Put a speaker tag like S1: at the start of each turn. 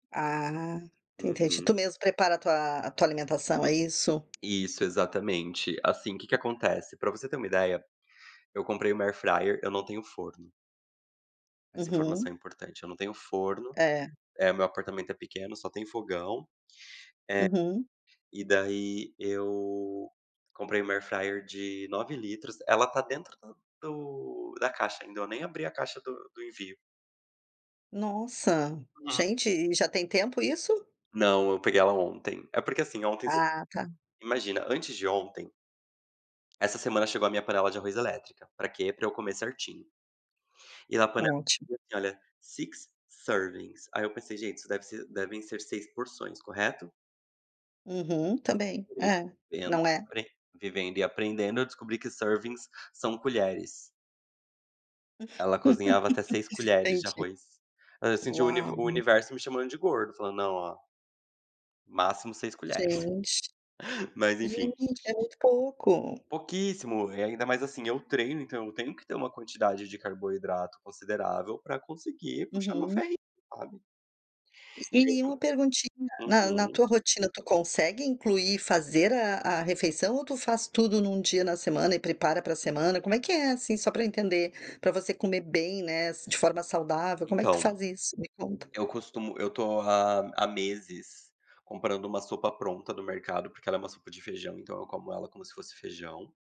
S1: Ah, entendi. Tu
S2: Uhum.
S1: mesmo prepara a tua a tua alimentação, é isso?
S2: Isso exatamente. Assim, que que acontece, pra você ter uma ideia, eu comprei uma airfryer, eu não tenho forno. Essa informação
S1: Uhum.
S2: é importante, eu não tenho forno.
S1: É.
S2: É, meu apartamento é pequeno, só tem fogão.
S1: Uhum.
S2: É, e daí eu comprei uma AirFryer de 9 litros. Ela está dentro do da caixa ainda, eu nem abri a caixa do do envio.
S1: Nossa!
S2: Uhum.
S1: Gente, e já tem tempo isso?
S2: Não, eu peguei ela ontem. É porque assim, ontem você
S1: Ah, tá.
S2: Imagina, antes de ontem Essa semana chegou a minha panela de arroz elétrica, pra quê? Pra eu comer certinho. E na panela
S1: Ótimo.
S2: diz assim olha: "Six servings". Aí, eu pensei: "Gente, isso deve ser devem ser 6 porções", correto?
S1: Uhum, também. É.
S2: Vivendo
S1: Não é?
S2: e pre Vivendo e aprendendo, eu descobri que "servings" são colheres. Ela cozinhava até 6 colheres de
S1: Entendi.
S2: arroz. Hã, senti o univer
S1: Uau.
S2: o universo me chamando de gordo, falando: "Não, ó" "máximo 6 colheres".
S1: Gente.
S2: Mas enfim.
S1: Gente, é muito pouco.
S2: Pouquíssimo. E ainda mais, assim, eu treino então eu tenho que ter uma quantidade de carboidrato considerável pra conseguir puxar meu
S1: Uhum.
S2: ferrinho, sabe.
S1: E uma
S2: [unintelligible]
S1: perguntinha: na na
S2: Uhum.
S1: tua rotina, tu consegue incluir, fazer a a refeição ou tu faz tudo num dia na semana e prepara pra semana? Como é que é, assim? Só pra eu entender. Pra você comer bem, né, de forma saudável, como é que tu
S2: Então,
S1: faz isso? Me conta.
S2: eu costumo eu estou há há meses comprando uma sopa pronta do mercado, porque ela é uma sopa de feijão, então eu como ela como se fosse feijão.